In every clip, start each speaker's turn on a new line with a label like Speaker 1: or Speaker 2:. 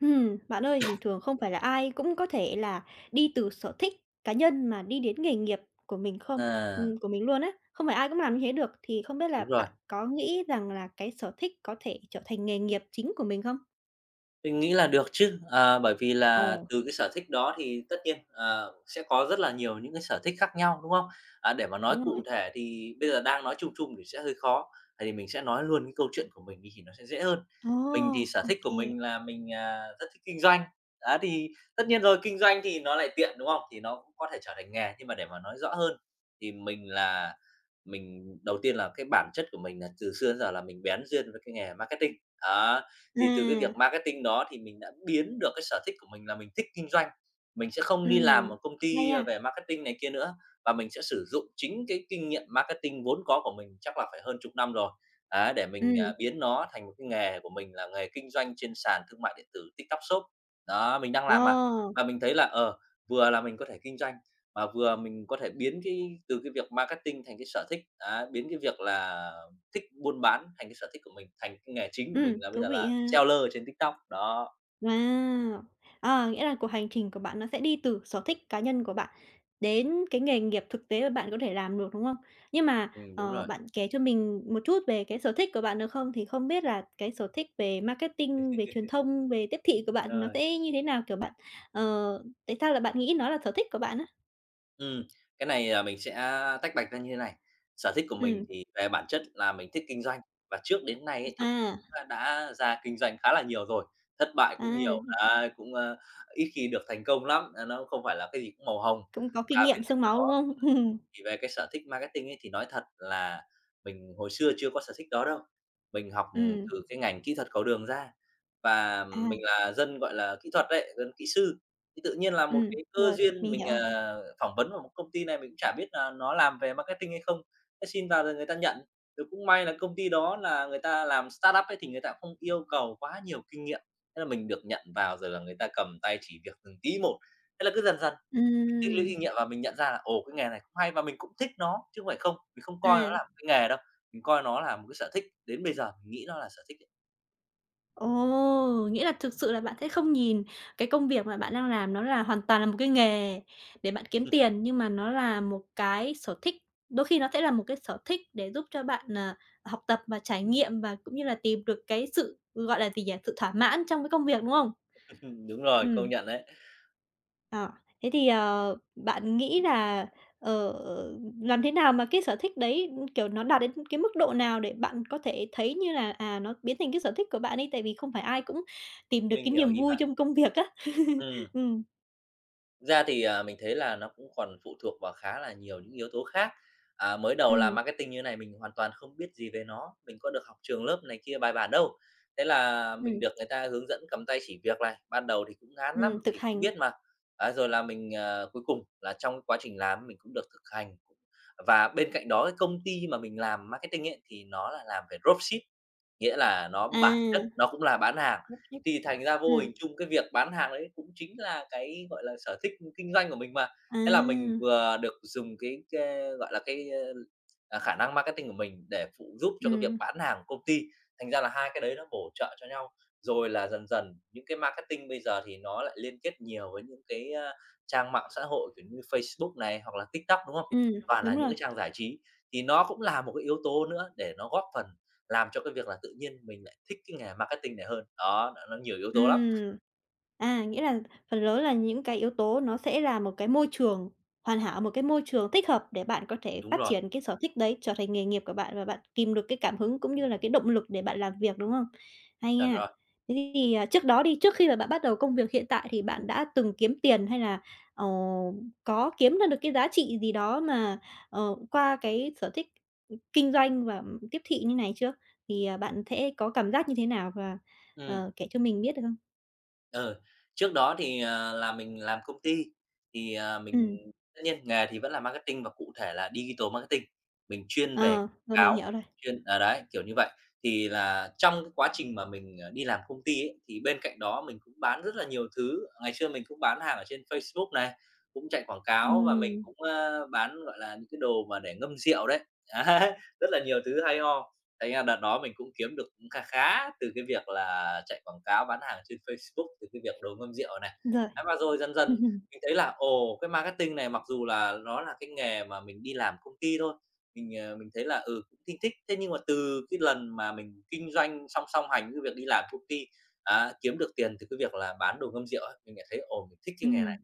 Speaker 1: Ừm, bạn ơi, bình thường không phải là ai cũng có thể là đi từ sở thích cá nhân mà đi đến nghề nghiệp của mình không, ừm,
Speaker 2: À!
Speaker 1: của mình luôn á. Không phải ai cũng làm như thế được, thì không biết là
Speaker 2: Đúng rồi.
Speaker 1: bạn có nghĩ rằng là cái sở thích có thể trở thành nghề nghiệp chính của mình không?
Speaker 2: Mình nghĩ là được chứ. Ờ, bởi vì là
Speaker 1: Ồ!
Speaker 2: từ cái sở thích đó thì tất nhiên, ờ, sẽ có rất là nhiều những cái sở thích khác nhau, đúng không? À, để mà nói
Speaker 1: Đúng
Speaker 2: cụ
Speaker 1: rồi.
Speaker 2: thể thì bây giờ đang nói chung chung thì sẽ hơi khó, vậy thì mình sẽ nói luôn cái câu chuyện của mình đi thì nó sẽ dễ hơn.
Speaker 1: Ồ!
Speaker 2: Mình thì sở
Speaker 1: Ô
Speaker 2: thích của
Speaker 1: kê.
Speaker 2: mình là mình, à, rất thích kinh doanh, á thì tất nhiên rồi kinh doanh thì nó lại tiện, đúng không? Thì nó cũng có thể trở thành nghề, nhưng mà để mà nói rõ hơn thì mình là mình đầu tiên là cái bản chất của mình là từ xưa đến giờ là mình bén duyên với cái nghề marketing. Đó, thì từ cái
Speaker 1: Là
Speaker 2: việc marketing đó thì mình đã biến được cái sở thích của mình là mình thích kinh doanh, mình sẽ không đi làm
Speaker 1: Ừm,
Speaker 2: một công
Speaker 1: ngay
Speaker 2: ty, a,
Speaker 1: a.
Speaker 2: về marketing này kia nữa và mình sẽ sử dụng chính cái kinh nghiệm marketing vốn có của mình, chắc là phải hơn chục năm rồi ấy để mình, à,
Speaker 1: Ừm.
Speaker 2: biến nó thành một cái nghề của mình là nghề kinh doanh trên sàn thương mại điện tử TikTok Shop. Đó, mình đang
Speaker 1: Ờ!
Speaker 2: làm mà. Và mình thấy là, ờ, vừa là mình có thể kinh doanh, mà vừa mình có thể biến cái từ cái việc marketing thành cái sở thích, đó, biến cái việc là thích buôn bán thành cái sở thích của mình, thành cái nghề chính của mình
Speaker 1: Ừm,
Speaker 2: là bây
Speaker 1: thú
Speaker 2: giờ
Speaker 1: vị
Speaker 2: là
Speaker 1: ha.
Speaker 2: seller ở trên TikTok, đó.
Speaker 1: Wow! Ờ, nghĩa là cuộc hành trình của bạn nó sẽ đi từ sở thích cá nhân của bạn đến cái nghề nghiệp thực tế mà bạn có thể làm được, đúng không? Nhưng mà,
Speaker 2: Ừm, đúng
Speaker 1: ờ,
Speaker 2: rồi.
Speaker 1: bạn kể cho mình một chút về cái sở thích của bạn được không? Thì không biết là cái sở thích về marketing, về truyền thông, về tiếp thị của bạn thì nó
Speaker 2: Rồi.
Speaker 1: sẽ như thế nào? Kiểu bạn, ờ, tại sao là bạn nghĩ nó là sở thích của bạn á?
Speaker 2: Ừm, cái này, à, mình sẽ tách bạch ra như thế này. Sở thích của mình
Speaker 1: Ừm.
Speaker 2: thì về bản chất là mình thích kinh doanh, và trước đến nay ấy
Speaker 1: [unintelligible]
Speaker 2: thì [unintelligible]
Speaker 1: À!
Speaker 2: đã ra kinh doanh khá là nhiều rồi, thất bại cũng nhiều,
Speaker 1: À.
Speaker 2: đấy, cũng, a, ít khi được thành công lắm nên nó cũng không phải là cái gì cũng màu hồng.
Speaker 1: Cũng có
Speaker 2: Và
Speaker 1: kinh nghiệm
Speaker 2: bên
Speaker 1: xương
Speaker 2: cạnh đó
Speaker 1: máu, đúng
Speaker 2: ừm,
Speaker 1: không?
Speaker 2: thì về cái sở thích marketing ấy thì nói thật là mình hồi xưa chưa có sở thích đó đâu. Mình học
Speaker 1: Ừm.
Speaker 2: từ cái ngành kỹ thuật cầu đường ra và mình
Speaker 1: À.
Speaker 2: là dân, gọi là, kỹ thuật đấy, dân kỹ sư. Cái tự nhiên là một
Speaker 1: Ừm,
Speaker 2: cái cơ
Speaker 1: rồi,
Speaker 2: duyên,
Speaker 1: mình
Speaker 2: mình,
Speaker 1: hiểu rồi.
Speaker 2: ờ, phỏng vấn vào một công ty này, mình cũng chả biết là nó làm về marketing hay không, thế xin vào rồi người ta nhận. Rồi cũng may là công ty đó là người ta làm startup ấy thì người ta không yêu cầu quá nhiều kinh nghiệm. Thế là mình được nhận vào rồi là người ta cầm tay chỉ việc từng tí một. Thế là cứ dần dần, mình tích lũy
Speaker 1: Ừm.
Speaker 2: kinh nghiệm và mình nhận ra là, ồ, cái nghề này cũng hay và mình cũng thích nó chứ không phải không. Mình không coi nó là
Speaker 1: À.
Speaker 2: một cái nghề đâu, mình coi nó là một cái sở thích, đến bây giờ, mình nghĩ nó là sở thích ấy.
Speaker 1: Ồ! Nghĩa là thực sự là bạn sẽ không nhìn cái công việc mà bạn đang làm nó là hoàn toàn là một cái nghề để bạn kiếm tiền, nhưng mà nó là một cái sở thích. Đôi khi nó sẽ là một cái sở thích để giúp cho bạn, ờ, học tập và trải nghiệm, và cũng như là tìm được cái sự, gọi là gì nhỉ? Sự thỏa mãn trong cái công việc, đúng không?
Speaker 2: Đúng rồi, công
Speaker 1: Ừm.
Speaker 2: nhận đấy.
Speaker 1: À, thế thì, ờ, bạn nghĩ là, ờ, ừm, làm thế nào mà cái sở thích đấy, ưm, kiểu, nó đạt đến cái mức độ nào để bạn có thể thấy như là, à, nó biến thành cái sở thích của bạn ấy? Tại vì không phải ai cũng tìm được
Speaker 2: Mình
Speaker 1: cái
Speaker 2: hiểu
Speaker 1: niềm
Speaker 2: ý
Speaker 1: vui
Speaker 2: bạn.
Speaker 1: trong công việc á.
Speaker 2: Ừm.
Speaker 1: Ừm.
Speaker 2: Ra thì, ờ, mình thấy là nó cũng còn phụ thuộc vào khá là nhiều những yếu tố khác. À, mới đầu làm
Speaker 1: Ừm.
Speaker 2: marketing như thế này mình hoàn toàn không biết gì về nó. Mình có được học trường lớp này kia bài bản đâu. Thế là mình
Speaker 1: Ừm.
Speaker 2: được người ta hướng dẫn cầm tay chỉ việc này, ban đầu thì cũng ngán lắm,
Speaker 1: Ừm, thực
Speaker 2: vì không
Speaker 1: hành.
Speaker 2: biết mà, à, rồi là mình, ờ, cuối cùng là trong quá trình làm mình cũng được thực hành. Và bên cạnh đó cái công ty mà mình làm marketing ấy, thì nó là làm về Dropship, nghĩa là nó
Speaker 1: À.
Speaker 2: bản chất
Speaker 1: Dropship.
Speaker 2: nó cũng là bán hàng. Thì thành ra vô
Speaker 1: Ừm.
Speaker 2: hình chung cái việc bán hàng đấy cũng chính là cái, gọi là, sở thích, ừ, kinh doanh của mình mà. Thế là mình
Speaker 1: À!
Speaker 2: vừa được dùng cái cái, gọi là, cái, ơ, ờ, khả năng marketing của mình, để phụ giúp cho cái việc
Speaker 1: Ừm.
Speaker 2: bán hàng công ty, thành ra là 2 cái đấy nó bổ trợ cho nhau. Rồi là dần dần những cái marketing bây giờ thì nó lại liên kết nhiều với những cái, ơ, trang mạng xã hội kiểu như Facebook này, hoặc là TikTok, đúng hông?
Speaker 1: Ừm,
Speaker 2: Và là
Speaker 1: đúng
Speaker 2: những
Speaker 1: rồi.
Speaker 2: cái trang giải trí, thì nó cũng là một cái yếu tố nữa để nó góp phần làm cho cái việc là tự nhiên mình lại thích cái nghề marketing này hơn. Đó, nó nó nhiều yếu tố lắm.
Speaker 1: Ừm. À, nghĩa là phần lớn là những cái yếu tố nó sẽ là một cái môi trường hoàn hảo, một cái môi trường thích hợp để bạn có thể
Speaker 2: Đúng
Speaker 1: phát
Speaker 2: rồi.
Speaker 1: triển cái sở thích đấy, trở thành nghề nghiệp của bạn, và bạn kìm được cái cảm hứng cũng như là cái động lực để bạn làm việc, đúng hông? Hay
Speaker 2: Chuẩn
Speaker 1: nha.
Speaker 2: rồi.
Speaker 1: Thế thì, ờ, trước đó đi, trước khi mà bạn bắt đầu công việc hiện tại, thì bạn đã từng kiếm tiền hay là, ờ, có kiếm ra được cái giá trị gì đó mà, ờ, qua cái sở thích, ừm, kinh doanh và, ừm, tiếp thị như này chưa? Thì, ờ, bạn sẽ có cảm giác như thế nào và,
Speaker 2: Ừm.
Speaker 1: ờ, kể cho mình biết được không?
Speaker 2: Ờ, trước đó thì, ờ, là mình làm công ty, thì, ờ, mình
Speaker 1: Ừm.
Speaker 2: tất nhiên nghề thì vẫn làm marketing và cụ thể là digital marketing. Mình chuyên về
Speaker 1: Ờ. Rồi, mình
Speaker 2: cáo,
Speaker 1: hiểu rồi.
Speaker 2: chuyên ờ, đấy, kiểu như vậy. Thì là trong cái quá trình mà mình, ờ, đi làm công ty ấy, thì bên cạnh đó mình cũng bán rất là nhiều thứ. Ngày xưa mình cũng bán hàng ở trên Facebook này, cũng chạy quảng cáo và mình
Speaker 1: Ừm.
Speaker 2: cũng, ơ, bán, gọi là, những cái đồ mà để ngâm rượu đấy. Đấy, rất là nhiều thứ hay ho. Thành ra đợt đó mình cũng kiếm được cũng kha khá từ cái việc là chạy quảng cáo bán hàng trên Facebook, từ cái việc đồ ngâm rượu này.
Speaker 1: Rồi.
Speaker 2: Ấy, và rồi dần dần mình thấy là, ồ, cái marketing này mặc dù là nó là cái nghề mà mình đi làm công ty thôi. Mình, ờ, mình thấy là, ừ, thinh thích. Thế nhưng mà từ cái lần mà mình kinh doanh song song hành với việc đi làm công ty. Đó, kiếm được tiền từ cái việc là bán đồ ngâm rượu á, mình lại thấy: "Ồ, mình thích cái nghề
Speaker 1: Ừm.
Speaker 2: này."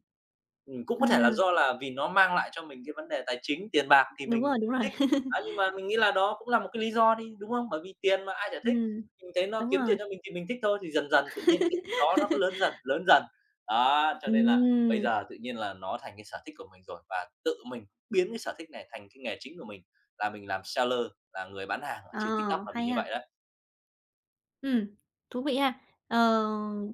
Speaker 2: Ừm, cũng có thể là
Speaker 1: À.
Speaker 2: do là vì nó mang lại cho mình cái vấn đề tài chính, tiền bạc thì
Speaker 1: Đúng
Speaker 2: mình
Speaker 1: rồi, đúng rồi.
Speaker 2: thích. Đó, nhưng mà mình nghĩ là đó cũng là một cái lý do đi, đúng không? Bởi vì tiền mà ai chả thích.
Speaker 1: Ừm.
Speaker 2: Mình thấy nó
Speaker 1: Đúng
Speaker 2: kiếm tiền
Speaker 1: rồi.
Speaker 2: cho mình thì mình thích thôi. Thì dần dần tự nhiên là cái đó nó cứ lớn dần, lớn dần. Đó, cho nên là bây
Speaker 1: Ừm!
Speaker 2: giờ tự nhiên là nó thành cái sở thích của mình rồi và tự mình biến cái sở thích này thành cái nghề chính của mình. Và mình làm seller, là người bán hàng ở
Speaker 1: Ờ,
Speaker 2: trên TikTok là vì
Speaker 1: hay
Speaker 2: như
Speaker 1: nha!
Speaker 2: vậy đấy.
Speaker 1: Ừm, thú vị ha. Ờ,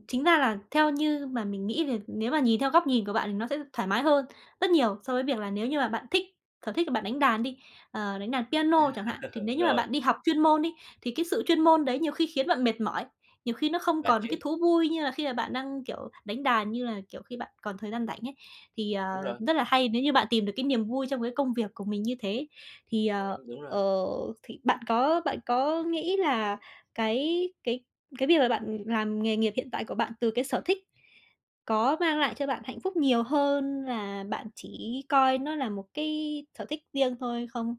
Speaker 1: chính ra là theo như mà mình nghĩ về nếu mà nhìn theo góc nhìn của bạn nó sẽ thoải mái hơn rất nhiều, so với việc là nếu như mà bạn thích sở thích là bạn đánh đàn đi, ờ, đánh đàn piano chẳng hạn, thì nếu như mà
Speaker 2: Rồi.
Speaker 1: bạn đi học chuyên môn đi, thì cái sự chuyên môn đấy, nhiều khi khiến bạn mệt mỏi, nhiều khi nó không
Speaker 2: Mệt
Speaker 1: còn
Speaker 2: chứ.
Speaker 1: cái thú vui như là khi mà bạn đang, kiểu, đánh đàn như là, kiểu, khi bạn còn thời gian rảnh ấy. Thì, ờ,
Speaker 2: Đúng rồi.
Speaker 1: rất là hay nếu như bạn tìm được cái niềm vui trong cái công việc của mình như thế. Thì,
Speaker 2: Ừm,
Speaker 1: ờ,
Speaker 2: đúng rồi.
Speaker 1: ờ, thì bạn có bạn có nghĩ là cái cái cái việc là bạn làm nghề nghiệp hiện tại của bạn từ cái sở thích, có mang lại cho bạn hạnh phúc nhiều hơn là bạn chỉ coi nó là một cái sở thích riêng thôi không?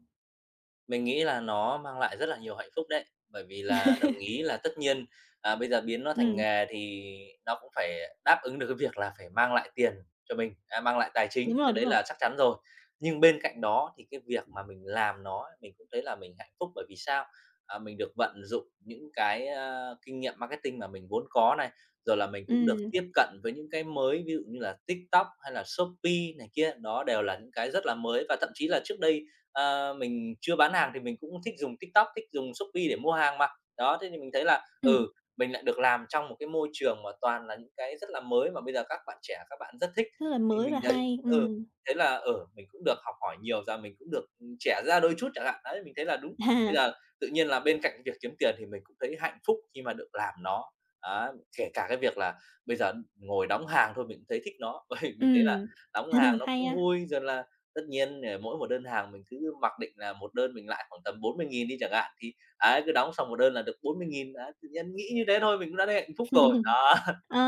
Speaker 2: Mình nghĩ là nó mang lại rất là nhiều hạnh phúc đấy. Bởi vì là đồng ý là tất nhiên, à, bây giờ biến nó thành
Speaker 1: Ừm.
Speaker 2: nghề thì nó cũng phải đáp ứng được cái việc là phải mang lại tiền cho mình, à, mang lại tài
Speaker 1: Đúng
Speaker 2: chính.
Speaker 1: rồi,
Speaker 2: Cái
Speaker 1: đúng
Speaker 2: đấy
Speaker 1: rồi.
Speaker 2: là chắc chắn rồi. Nhưng bên cạnh đó thì cái việc mà mình làm nó mình cũng thấy là mình hạnh phúc, bởi vì sao? À, mình được vận dụng những cái, a, kinh nghiệm marketing mà mình vốn có này, rồi là mình cũng được
Speaker 1: Ừm.
Speaker 2: tiếp cận với những cái mới ví dụ như là TikTok hay là Shopee này kia, đó đều là những cái rất là mới và thậm chí là trước đây, ờ, mình chưa bán hàng thì mình cũng thích dùng TikTok, thích dùng Shopee để mua hàng mà. Đó, thế thì mình thấy là,
Speaker 1: Ừm.
Speaker 2: ừ, mình lại được làm trong một cái môi trường mà toàn là những cái rất là mới mà bây giờ các bạn trẻ các bạn rất thích,
Speaker 1: Rất là
Speaker 2: thì
Speaker 1: mới và
Speaker 2: mình thấy,
Speaker 1: hay,
Speaker 2: ừ,
Speaker 1: ừm.
Speaker 2: thấy là, ừ, mình cũng được học hỏi nhiều ra, mình cũng được trẻ ra đôi chút chẳng hạn, đấy, mình thấy là đúng. Bây giờ tự nhiên là bên cạnh việc kiếm tiền thì mình cũng thấy hạnh phúc khi mà được làm nó, á, kể cả cái việc là bây giờ ngồi đóng hàng thôi mình cũng thấy thích nó. Ôi, mình thấy là
Speaker 1: Ừm.
Speaker 2: đóng hàng nó
Speaker 1: Hay
Speaker 2: cũng
Speaker 1: ha.
Speaker 2: vui rồi là tất nhiên, ờ, mỗi một đơn hàng mình cứ mặc định là một đơn mình lãi khoảng tầm 40.000 đi chẳng hạn thì, ấy, cứ đóng xong một đơn là được 40.000 đấy, tự nhiên nghĩ như thế thôi, mình cũng đã thấy hạnh phúc rồi. Đó.
Speaker 1: Ờ!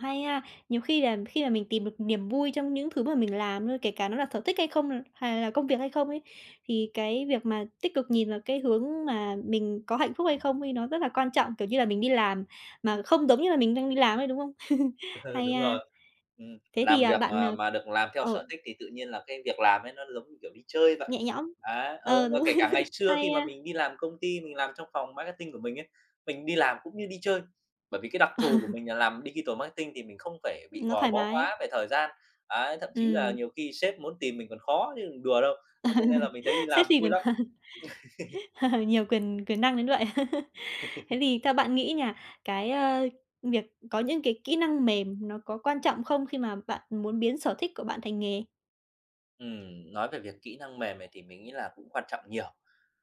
Speaker 1: Hay ha. Nhiều khi là khi là mình tìm được niềm vui trong những thứ mà mình làm thôi, kể cả nó là sở thích hay không nè, hay là công việc hay không ấy, thì cái việc mà tích cực nhìn vào cái hướng mà mình có hạnh phúc hay không ấy, nó rất là quan trọng, kiểu, như là mình đi làm mà không giống như là mình đang đi làm ấy, đúng không? Hay
Speaker 2: Đúng
Speaker 1: ha.
Speaker 2: rồi. Ừm,
Speaker 1: Thế thì,
Speaker 2: làm
Speaker 1: ờ,
Speaker 2: việc
Speaker 1: bạn,
Speaker 2: mà
Speaker 1: ờ
Speaker 2: mà được làm theo
Speaker 1: ờ.
Speaker 2: sở thích thì tự nhiên là cái việc làm ấy nó giống như, kiểu, đi chơi vậy.
Speaker 1: Nhẹ nhõm,
Speaker 2: Đấy,
Speaker 1: ờ,
Speaker 2: ừ, và
Speaker 1: đúng.
Speaker 2: kể cả ngày xưa
Speaker 1: Hay
Speaker 2: khi mà
Speaker 1: ha.
Speaker 2: mình đi làm công ty, mình làm trong phòng marketing của mình ấy, mình đi làm cũng như đi chơi. Bởi vì cái đặc thù của mình là làm digital marketing thì mình không phải bị
Speaker 1: Nó
Speaker 2: gò
Speaker 1: thoải
Speaker 2: bó
Speaker 1: mái.
Speaker 2: quá về thời gian. Ấy, thậm chí là
Speaker 1: Ừm.
Speaker 2: nhiều khi sếp muốn tìm mình còn khó chứ đừng đùa đâu. Thế cho nên là mình thấy đi
Speaker 1: Thế
Speaker 2: làm
Speaker 1: thì
Speaker 2: vui lắm.
Speaker 1: Nhiều quyền quyền năng đến vậy. Thế thì theo bạn nghĩ nha cái, ơ, việc có những cái kỹ năng mềm nó có quan trọng không khi mà bạn muốn biến sở thích của bạn thành nghề?
Speaker 2: Ừm, nói về việc kỹ năng mềm này thì mình nghĩ là cũng quan trọng nhiều.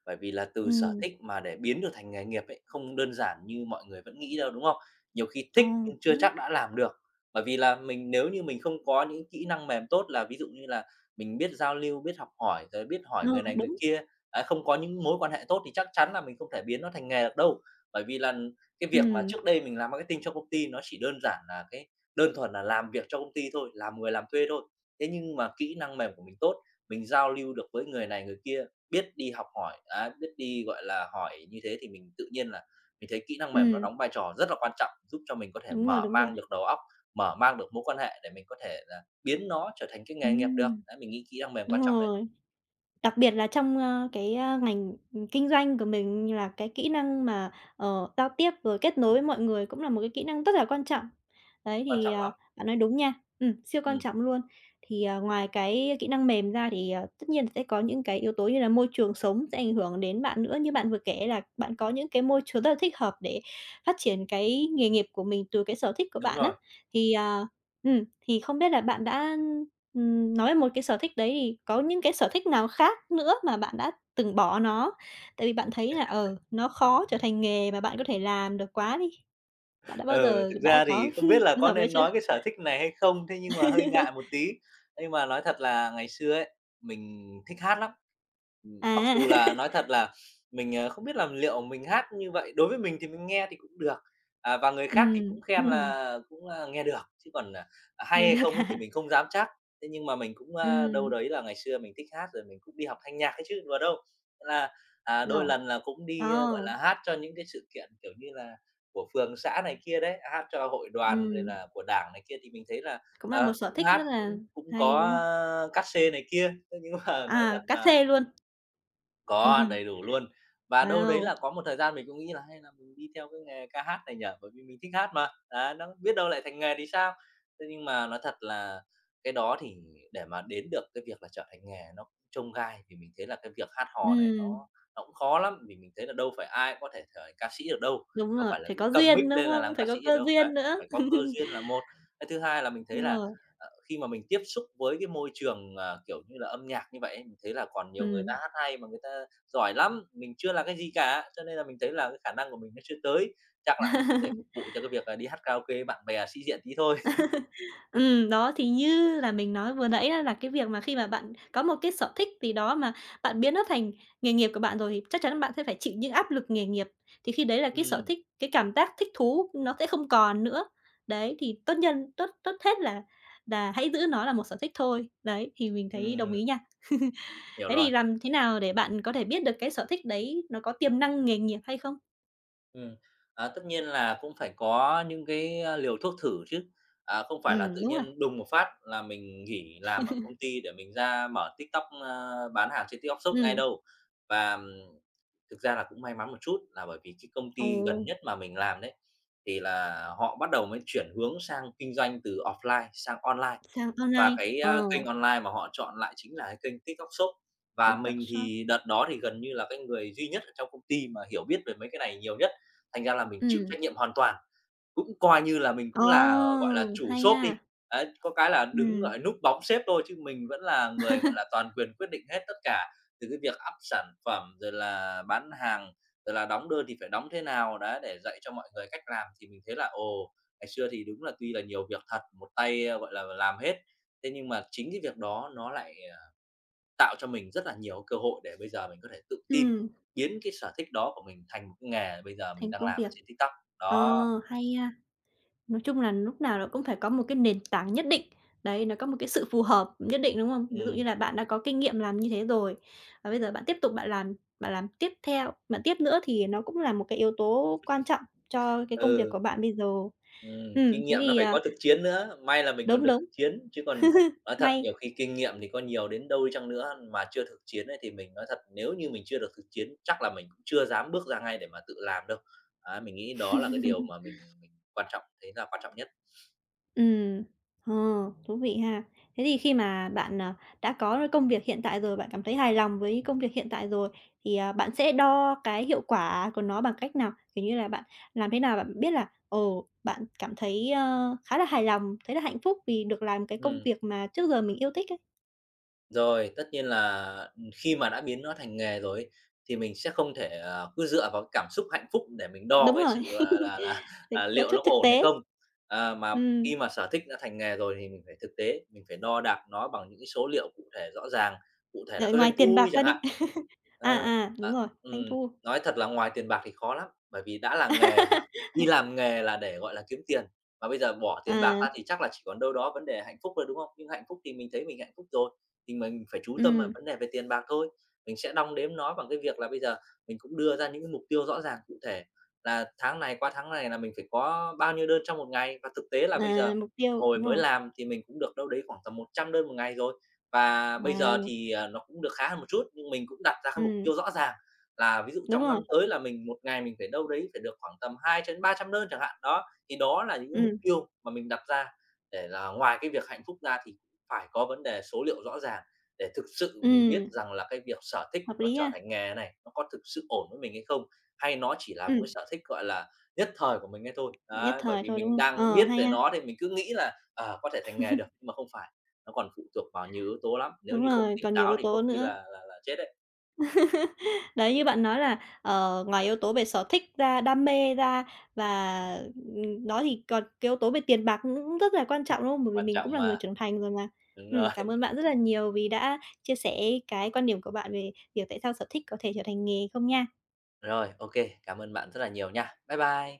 Speaker 2: Bởi vì là từ sở
Speaker 1: Ừm.
Speaker 2: thích mà để biến được thành nghề nghiệp ấy, không đơn giản như mọi người vẫn nghĩ đâu, đúng không? Nhiều khi
Speaker 1: À,
Speaker 2: thích nhưng chưa
Speaker 1: đúng.
Speaker 2: chắc đã làm được. Bởi vì là mình nếu như mình không có những kỹ năng mềm tốt là ví dụ như là mình biết giao lưu, biết học hỏi, rồi biết hỏi
Speaker 1: Ờ,
Speaker 2: người này người
Speaker 1: đúng.
Speaker 2: kia, à, không có những mối quan hệ tốt thì chắc chắn là mình không thể biến nó thành nghề được đâu. Bởi vì là cái việc mà
Speaker 1: Ừm.
Speaker 2: trước đây mình làm marketing cho công ty nó chỉ đơn giản là cái đơn thuần là làm việc cho công ty thôi, làm người làm thuê thôi. Thế nhưng mà kỹ năng mềm của mình tốt, mình giao lưu được với người này người kia, biết đi học hỏi, đấy, biết đi, gọi là, hỏi như thế thì mình tự nhiên là mình thấy kỹ năng mềm nó
Speaker 1: Ừm.
Speaker 2: đóng vai trò rất là quan trọng, giúp cho mình có thể
Speaker 1: Đúng rồi,
Speaker 2: mở
Speaker 1: đúng rồi.
Speaker 2: mang được đầu óc, mở mang được mối quan hệ để mình có thể là biến nó trở thành cái nghề nghiệp được.
Speaker 1: Ừm!
Speaker 2: Đấy, mình nghĩ kỹ năng mềm
Speaker 1: Đúng
Speaker 2: quan trọng đấy.
Speaker 1: rồi. Đặc biệt là trong, a, cái, a, ngành, ừm, kinh doanh của mình là cái kỹ năng mà, ờ, giao tiếp rồi kết nối mọi người cũng là một cái kỹ năng rất là quan trọng. Đấy,
Speaker 2: Quan
Speaker 1: thì,
Speaker 2: trọng
Speaker 1: à,
Speaker 2: lắm.
Speaker 1: bạn nói đúng nha. Ừm, siêu quan
Speaker 2: Ừm.
Speaker 1: trọng luôn. Thì, à, ngoài cái kỹ năng mềm ra thì, à, tất nhiên là sẽ có những cái yếu tố như là môi trường sống sẽ ảnh hưởng đến bạn nữa. Như bạn vừa kể là bạn có những cái môi trường rất là thích hợp để phát triển cái nghề nghiệp của mình từ cái sở thích của
Speaker 2: Đúng
Speaker 1: bạn á.
Speaker 2: rồi.
Speaker 1: Thì, à, ừm, thì không biết là bạn đã, ừm, nói một cái sở thích đấy thì có những cái sở thích nào khác nữa mà bạn đã từng bỏ nó? Tại vì bạn thấy là, ờ, nó khó trở thành nghề mà bạn có thể làm được quá đi. Bạn đã bao
Speaker 2: Ừ,
Speaker 1: giờ
Speaker 2: thực
Speaker 1: đã
Speaker 2: ra
Speaker 1: có
Speaker 2: thì không biết là
Speaker 1: trường
Speaker 2: có
Speaker 1: hợp đấy
Speaker 2: nên
Speaker 1: chưa?
Speaker 2: nói cái sở thích này hay không? Thế nhưng mà hơi ngại một tí. Nhưng mà nói thật là ngày xưa ấy, mình thích hát lắm. Ừm, mặc
Speaker 1: À.
Speaker 2: dù là nói thật là mình, ờ, không biết là liệu mình hát như vậy đối với mình thì mình nghe thì cũng được. À, và người khác thì
Speaker 1: Ừm.
Speaker 2: cũng khen là cũng, a, nghe được, chứ còn, à, hay
Speaker 1: Nghe
Speaker 2: hay
Speaker 1: được
Speaker 2: không ấy thì
Speaker 1: hả?
Speaker 2: mình không dám chắc. Thế nhưng mà mình cũng, a, đâu
Speaker 1: Ừm.
Speaker 2: đấy là ngày xưa mình thích hát rồi mình cũng đi học thanh nhạc ấy chứ, đùa đâu. Thế là, à, đôi
Speaker 1: Ngầu.
Speaker 2: lần là cũng đi, a,
Speaker 1: À!
Speaker 2: gọi là, hát cho những cái sự kiện, kiểu như là, của phường xã này kia đấy, hát cho hội đoàn rồi
Speaker 1: Ừm.
Speaker 2: là của Đảng này kia thì mình thấy là,
Speaker 1: Cũng là một
Speaker 2: ờ,
Speaker 1: sở
Speaker 2: cũng
Speaker 1: thích
Speaker 2: hát
Speaker 1: rất là
Speaker 2: cũng cũng
Speaker 1: hay,
Speaker 2: có,
Speaker 1: đúng không?
Speaker 2: ơ, cát sê này kia. Thế nhưng mà nói
Speaker 1: À,
Speaker 2: thật
Speaker 1: cát
Speaker 2: là
Speaker 1: xê luôn.
Speaker 2: Có, đầy đủ luôn. Và đâu đấy là
Speaker 1: Wow!
Speaker 2: có một thời gian mình cũng nghĩ là hay là mình đi theo cái nghề ca hát này nhỉ? Bởi vì mình thích hát mà. Đấy, nó biết đâu lại thành nghề thì sao. Thế nhưng mà nói thật là cái đó thì để mà đến được cái việc là trở thành nghề nó cũng chông gai, vì mình thấy là cái việc hát hò này nó
Speaker 1: Ừm.
Speaker 2: nó cũng khó lắm, vì mình thấy là đâu phải ai cũng có thể trở thành ca sĩ được đâu.
Speaker 1: Đúng
Speaker 2: Đâu
Speaker 1: rồi,
Speaker 2: phải là
Speaker 1: phải
Speaker 2: cứ
Speaker 1: có
Speaker 2: cầm mic
Speaker 1: duyên, đúng
Speaker 2: lên là làm
Speaker 1: không? Phải
Speaker 2: ca sĩ
Speaker 1: có
Speaker 2: được
Speaker 1: cơ
Speaker 2: đâu. Đấy,
Speaker 1: duyên nữa.
Speaker 2: phải có cơ duyên là một. Cái thứ hai là mình thấy
Speaker 1: Đúng
Speaker 2: là,
Speaker 1: rồi.
Speaker 2: ờ, khi mà mình tiếp xúc với cái môi trường, à, kiểu như là, âm nhạc như vậy ấy, mình thấy là còn nhiều người ta
Speaker 1: Ừm.
Speaker 2: hát hay mà người ta giỏi lắm, mình chưa là cái gì cả. Cho nên là mình thấy là cái khả năng của mình nó chưa tới, chắc là cũng để phục vụ cho cái việc à đi hát karaoke với bạn bè, sĩ diện tí thôi.
Speaker 1: Ừm, đó, thì như là mình nói vừa nãy á là cái việc mà khi mà bạn có một cái sở thích gì đó mà bạn biến nó thành nghề nghiệp của bạn rồi, thì chắc chắn bạn sẽ phải chịu những áp lực nghề nghiệp. Thì khi đấy là cái sở
Speaker 2: Ừm.
Speaker 1: thích, cái cảm giác thích thú nó sẽ không còn nữa. Đấy, thì tốt nhất, tốt tốt hết là là hãy giữ nó là một sở thích thôi. Đấy, thì mình thấy đồng
Speaker 2: Ừm.
Speaker 1: ý nha.
Speaker 2: Hiểu
Speaker 1: Thế
Speaker 2: rồi.
Speaker 1: thì làm thế nào để bạn có thể biết được cái sở thích đấy nó có tiềm năng nghề nghiệp hay không?
Speaker 2: Ừm, à, tất nhiên là cũng phải có những cái liều thuốc thử chứ. À, không phải là tự
Speaker 1: Ừm, đúng rồi.
Speaker 2: nhiên đùng một phát là mình nghỉ làm ở công ty để mình ra mở TikTok, a, bán hàng trên TikTok Shop ngay
Speaker 1: Ừm.
Speaker 2: đâu. Và, ờm, thực ra là cũng may mắn một chút là bởi vì cái công
Speaker 1: Ồ.
Speaker 2: ty gần nhất mà mình làm đấy thì là họ bắt đầu mới chuyển hướng sang kinh doanh từ offline sang online.
Speaker 1: Sàn
Speaker 2: Và
Speaker 1: online.
Speaker 2: cái,
Speaker 1: Ờ.
Speaker 2: a, kênh online mà họ chọn lại chính là cái kênh TikTok Shop. Và
Speaker 1: TikTok
Speaker 2: mình
Speaker 1: Shop.
Speaker 2: thì đợt đó thì gần như là cái người duy nhất ở trong công ty mà hiểu biết về mấy cái này nhiều nhất, thành ra là mình chịu
Speaker 1: Ừm.
Speaker 2: trách nhiệm hoàn toàn. Cũng coi như là mình cũng là, gọi là,
Speaker 1: Ồ,
Speaker 2: chủ
Speaker 1: hay
Speaker 2: shop đi.
Speaker 1: ha!
Speaker 2: Đấy, có cái là đứng, gọi
Speaker 1: Ừm.
Speaker 2: là, núp bóng sếp thôi chứ mình vẫn là người, gọi là, toàn quyền quyết định hết tất cả, từ cái việc up sản phẩm rồi là bán hàng, rồi là đóng đơn thì phải đóng thế nào, đấy, để dạy cho mọi người cách làm. Thì mình thấy là, ồ, ngày xưa thì đúng là tuy là nhiều việc thật, một tay, ơ, gọi là, làm hết. Thế nhưng mà chính cái việc đó nó lại, à, tạo cho mình rất là nhiều cơ hội để bây giờ mình có thể tự tin,
Speaker 1: Ừm.
Speaker 2: biến cái sở thích đó của mình thành cái nghề bây giờ mình
Speaker 1: Thành
Speaker 2: đang
Speaker 1: công
Speaker 2: làm ở
Speaker 1: việc,
Speaker 2: trên TikTok.
Speaker 1: ờ,
Speaker 2: Đó.
Speaker 1: hay ha. Nói chung là núc nào nó cũng phải có một cái nền tảng nhất định. Đấy, nó có một cái sự phù hợp nhất định, đúng không? Ví dụ như
Speaker 2: Ừm.
Speaker 1: là bạn đã có kinh nghiệm làm như thế rồi, và bây giờ bạn tiếp tục bạn làm bạn làm tiếp theo bạn tiếp nữa thì nó cũng là một cái yếu tố quan trọng cho cái công việc
Speaker 2: Ừ.
Speaker 1: của bạn bây giờ.
Speaker 2: Ừm,
Speaker 1: Ừm,
Speaker 2: kinh
Speaker 1: thế
Speaker 2: nghiệm nó
Speaker 1: thì,
Speaker 2: phải
Speaker 1: ờ
Speaker 2: có thực chiến nữa. May là mình còn
Speaker 1: Đúng,
Speaker 2: được
Speaker 1: đúng,
Speaker 2: thực chiến, chứ còn nói thật
Speaker 1: hay!
Speaker 2: nhiều khi kinh nghiệm thì có nhiều đến đâu đi chăng nữa mà chưa thực chiến ấy, thì mình nói thật, nếu như mình chưa được thực chiến, chắc là mình cũng chưa dám bước ra ngay để mà tự làm đâu. Ấy, mình nghĩ đó là cái điều mà mình mình quan trọng thấy là quan trọng nhất.
Speaker 1: Ừm, ờ, thú vị ha! Thế thì khi mà bạn, à, đã có công việc hiện tại rồi, bạn cảm thấy hài lòng với công việc hiện tại rồi thì, ờ, bạn sẽ đo cái hiệu quả của nó bằng cách nào? Kiểu như là bạn làm thế nào bạn biết là, ừ, bạn cảm thấy, ơ, khá là hài lòng, thấy là hạnh phúc vì được làm cái công
Speaker 2: Ừm.
Speaker 1: việc mà trước giờ mình yêu thích ấy.
Speaker 2: Rồi, tất nhiên là, ừm, khi mà đã biến nó thành nghề rồi ấy thì mình sẽ không thể, à, cứ dựa vào cảm xúc hạnh phúc để mình
Speaker 1: Đúng
Speaker 2: đo cái sự,
Speaker 1: rồi.
Speaker 2: gọi là là,
Speaker 1: Thấy
Speaker 2: à,
Speaker 1: có
Speaker 2: liệu nó
Speaker 1: chút
Speaker 2: có
Speaker 1: thực
Speaker 2: ổn hay
Speaker 1: tế.
Speaker 2: không. Ờ, mà khi
Speaker 1: Ừm.
Speaker 2: mà sở thích đã thành nghề rồi thì mình phải thực tế, mình phải đo đạc nó bằng những cái số liệu cụ thể rõ ràng, cụ thể là
Speaker 1: Đợi
Speaker 2: cái
Speaker 1: ngoài
Speaker 2: doanh
Speaker 1: tiền
Speaker 2: thu
Speaker 1: bạc
Speaker 2: đi
Speaker 1: ra
Speaker 2: chẳng hạn.
Speaker 1: đi. À,
Speaker 2: Ờ,
Speaker 1: à, đúng
Speaker 2: ờ,
Speaker 1: rồi, doanh
Speaker 2: ừm,
Speaker 1: thu.
Speaker 2: nói thật là ngoài tiền bạc thì khó lắm, bởi vì đã làm nghề mà, đi làm nghề là để gọi là kiếm tiền, mà bây giờ bỏ tiền bạc
Speaker 1: À.
Speaker 2: ra thì chắc là chỉ còn đâu đó vấn đề hạnh phúc thôi, đúng không? Nhưng hạnh phúc thì mình thấy mình hạnh phúc rồi, thì mình phải chú tâm vào
Speaker 1: Ừm.
Speaker 2: vấn đề về tiền bạc thôi. Mình sẽ đong đếm nó bằng cái việc là bây giờ mình cũng đưa ra những cái mục tiêu rõ ràng cụ thể, là tháng này qua tháng này là mình phải có bao nhiêu đơn trong một ngày. Và thực tế là bây giờ
Speaker 1: À, mục tiêu,
Speaker 2: hồi
Speaker 1: đúng
Speaker 2: mới
Speaker 1: rồi.
Speaker 2: làm thì mình cũng được đâu đấy khoảng tầm 100 đơn 1 ngày rồi. Và bây giờ
Speaker 1: Wow!
Speaker 2: thì, à, nó cũng được khá hơn một chút, nhưng mình cũng đặt ra cái mục
Speaker 1: Ừm.
Speaker 2: tiêu rõ ràng là ví dụ
Speaker 1: Đúng
Speaker 2: trong
Speaker 1: rồi.
Speaker 2: năm tới là mình 1 ngày mình phải đâu đấy phải được khoảng tầm 2 cho đến 300 đơn chẳng hạn, đó. Thì đó là những cái mục
Speaker 1: Ừm.
Speaker 2: tiêu mà mình đặt ra để là ngoài cái việc hạnh phúc ra thì phải có vấn đề số liệu rõ ràng, để thực sự mình biết
Speaker 1: Ừm.
Speaker 2: rằng là cái việc sở thích
Speaker 1: Hợp
Speaker 2: nó
Speaker 1: lý
Speaker 2: trở
Speaker 1: ha!
Speaker 2: thành nghề này, nó có thực sự ổn với mình hay không? Hay nó chỉ là một
Speaker 1: Ừm.
Speaker 2: cái sở thích, gọi là, nhất thời của mình ấy thôi.
Speaker 1: Nhất
Speaker 2: Đấy, bởi
Speaker 1: thời
Speaker 2: vì
Speaker 1: thôi, đúng
Speaker 2: mình
Speaker 1: hông?
Speaker 2: đang
Speaker 1: Ờ,
Speaker 2: biết
Speaker 1: hay
Speaker 2: về
Speaker 1: ha.
Speaker 2: nó thì mình cứ nghĩ là, ờ, có thể thành nghề được mà không phải, nó còn phụ thuộc vào nhiều yếu tố lắm, nếu
Speaker 1: Đúng
Speaker 2: như không
Speaker 1: rồi,
Speaker 2: tỉnh
Speaker 1: còn nhiều
Speaker 2: táo
Speaker 1: yếu
Speaker 2: thì có
Speaker 1: tố
Speaker 2: khi
Speaker 1: nữa.
Speaker 2: là là là chết đấy.
Speaker 1: Đấy, như bạn nói là, ờ, ngoài yếu tố về sở thích ra, đam mê ra và, ừm, đó, thì còn cái yếu tố về tiền bạc nó cũng rất là quan
Speaker 2: Ừm.
Speaker 1: trọng, đúng không? Bởi vì
Speaker 2: Quan
Speaker 1: mình cũng
Speaker 2: trọng
Speaker 1: là người
Speaker 2: mà.
Speaker 1: trưởng thành rồi mà.
Speaker 2: Đúng rồi.
Speaker 1: Ừm, cảm ơn bạn rất là nhiều vì đã chia sẻ cái quan điểm của bạn về việc tại sao sở thích có thể trở thành nghề không nha.
Speaker 2: Rồi, ô kê, cảm ơn bạn rất là nhiều nha. Bye bye!